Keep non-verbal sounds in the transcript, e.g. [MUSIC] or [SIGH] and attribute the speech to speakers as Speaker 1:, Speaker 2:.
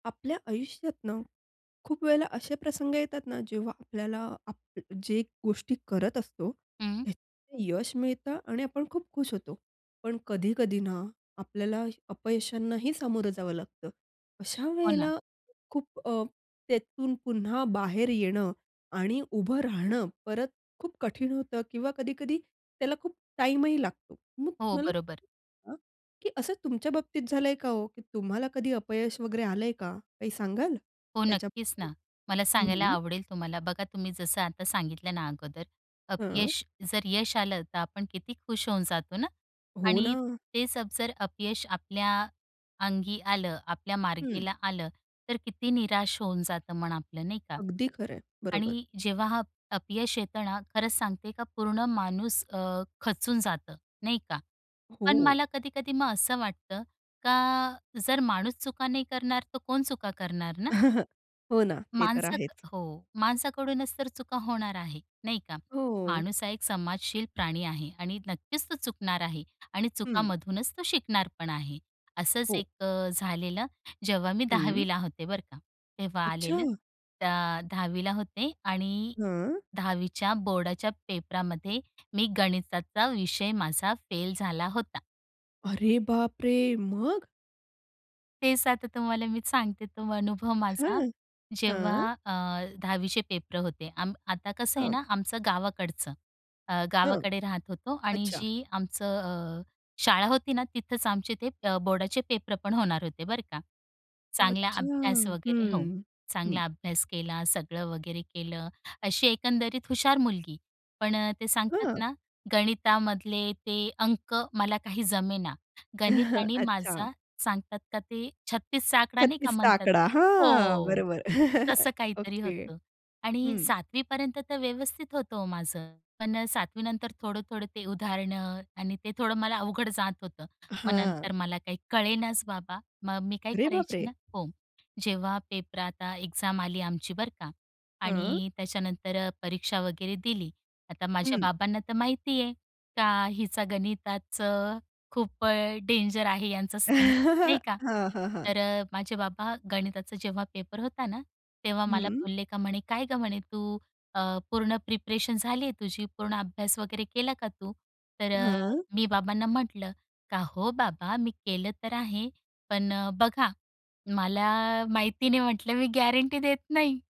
Speaker 1: आपल्या आयुष्यात ना खूप वेळेला असे प्रसंग येतात ना जेव्हा आपल्याला आपण जे गोष्टी करत असतो
Speaker 2: हं.
Speaker 1: त्यात यश मिळतं आणि आपण खूप खुश होतो. पण कधी-कधी ना आपल्याला अपयशांनाही सामोरं जावं लागतं. अशा
Speaker 2: हो ना.
Speaker 1: वेळेला खूप अ, त्यातून पुन्हा बाहेर येणं. आणि उभं राहणं परत खूप कठीण होतं किंवा कधी-कधी त्याला खूप टाईमही लागतो मग
Speaker 2: हो.
Speaker 1: मला.
Speaker 2: बरोबर.
Speaker 1: हं. की असं तुमच्या बाबतीत झालंय का हो? तुम्हाला कधी अपयश वगैरे आलंय का? काही सांगाल
Speaker 2: हो.
Speaker 1: त्याच्या
Speaker 2: नक्कीच
Speaker 1: बद्दल?
Speaker 2: ना. मला
Speaker 1: हं,
Speaker 2: सांगायला
Speaker 1: हं.
Speaker 2: आवडेल तुम्हाला बघा तुम्ही जसं आता सांगितलं ना अगोदर.
Speaker 1: हां.
Speaker 2: अपयश जर यश आलं तर आपण किती खुश होऊन जातो ना.
Speaker 1: हो
Speaker 2: आणि
Speaker 1: ना.
Speaker 2: तेच जर अपयश आपल्या अंगी आलं, आपल्या
Speaker 1: हं.
Speaker 2: मार्गाला आलं. तर किती निराश होऊन जातं मन आपलं नाही का.
Speaker 1: अगदी खरं आहे. बरोबर.
Speaker 2: आणि जेव्हा हा अपयश येते ना खरंच सांगते का पूर्ण माणूस अ, खचून जातं नाही का. पण
Speaker 1: हो.
Speaker 2: मला कधी-कधी मग असं वाटतं का जर माणूस चुका नाही करणार तर कोण चुका करणार ना?
Speaker 1: [CHUCKLES] हो ना. ते तर
Speaker 2: माणसात
Speaker 1: आहेच.
Speaker 2: हो माणसाकडूनच तर चुका होणार आहे नाही का.
Speaker 1: हो.
Speaker 2: माणूस हा एक समाजशील प्राणी आहे आणि नक्कीच तो चुकणार आहे. आणि
Speaker 1: हं.
Speaker 2: चुकामधूनच तो शिकणार पण आहे. असंच
Speaker 1: हो.
Speaker 2: एक झालेलं. जेव्हा मी
Speaker 1: हं.
Speaker 2: दहावीला होते बरं का. तेव्हा
Speaker 1: अच्छा.
Speaker 2: आलेलं. त्या दहावीला होते आणि
Speaker 1: हां.
Speaker 2: दहावीच्या बोर्डाच्या पेपरामध्ये मी गणिताचा विषय माझा फेल झाला होता.
Speaker 1: अरे बाप रे. मग?
Speaker 2: तेच आता तुम्हाला मी सांगते तो अनुभव माझा.
Speaker 1: हं,
Speaker 2: जेव्हा
Speaker 1: हं.
Speaker 2: अ, दहावीचे पेपर होते आम आता कसं आहे
Speaker 1: हां.
Speaker 2: ना आमचं गावाकडचं. अ,
Speaker 1: हं.
Speaker 2: गावाकडे राहत होतो आणि
Speaker 1: अच्छा.
Speaker 2: जी आमचं अ, शाळा होती ना तिथेच आमचे ते अ, बोर्डाचे पेपर पण होणार होते बरं का. चांगला
Speaker 1: अच्छा.
Speaker 2: अभ्यास वगैरे हो
Speaker 1: हं, हं.
Speaker 2: चांगला अभ्यास केला सगळं वगैरे केलं. अशी एकंदरीत हुशार मुलगी. पण ते सांगतात
Speaker 1: हां.
Speaker 2: ना गणितामधले ते अंक मला काही जमेना. गणित
Speaker 1: [CHUCKLES]
Speaker 2: आणि
Speaker 1: अच्छा.
Speaker 2: माझा सांगतात का ते 36चा आकडा नाही का
Speaker 1: 36चा
Speaker 2: म्हणतात.
Speaker 1: आकडा. हां.
Speaker 2: हो.
Speaker 1: बरोबर. [CHUCKLES]
Speaker 2: तसं काहीतरी
Speaker 1: ओके.
Speaker 2: होतं. आणि
Speaker 1: हं.
Speaker 2: सातवीपर्यंत तर व्यवस्थित होतं हो माझं. पण सातवी नंतर थोडं-थोडं ते उदाहरणं आणि ते थोडं मला अवघड जात होतं. मग नंतर
Speaker 1: हां.
Speaker 2: मला काही कळेनाच बाबा. मग मी काय
Speaker 1: अरे बाप
Speaker 2: करायची
Speaker 1: रे!
Speaker 2: ना हो. जेव्हा पेपर आता एक्झाम आली आमची बरं का
Speaker 1: हं.
Speaker 2: आणि त्याच्यानंतर परीक्षा वगैरे दिली. आता माझ्या
Speaker 1: हं.
Speaker 2: बाबांना तर माहिती आहे, का हिचा गणिताचं खूप डेंजर आहे यांचा सीन नाही
Speaker 1: [LAUGHS]
Speaker 2: का.
Speaker 1: हां, हां, हां.
Speaker 2: तर माझे बाबा गणिताचा जेव्हा पेपर होता ना तेव्हा मला
Speaker 1: हं.
Speaker 2: बोलले का म्हणे "काय गं म्हणे तू अ, पूर्ण प्रिपरेशन झाली आहे तुझी, पूर्ण अभ्यास वगैरे केला का तू?" तर अ,
Speaker 1: हां.
Speaker 2: मी बाबांना म्हटलं का "हो बाबा मी केलं तर आहे. पण बघा मला माहिती नाही म्हटलं मी गॅरंटी देत नाही."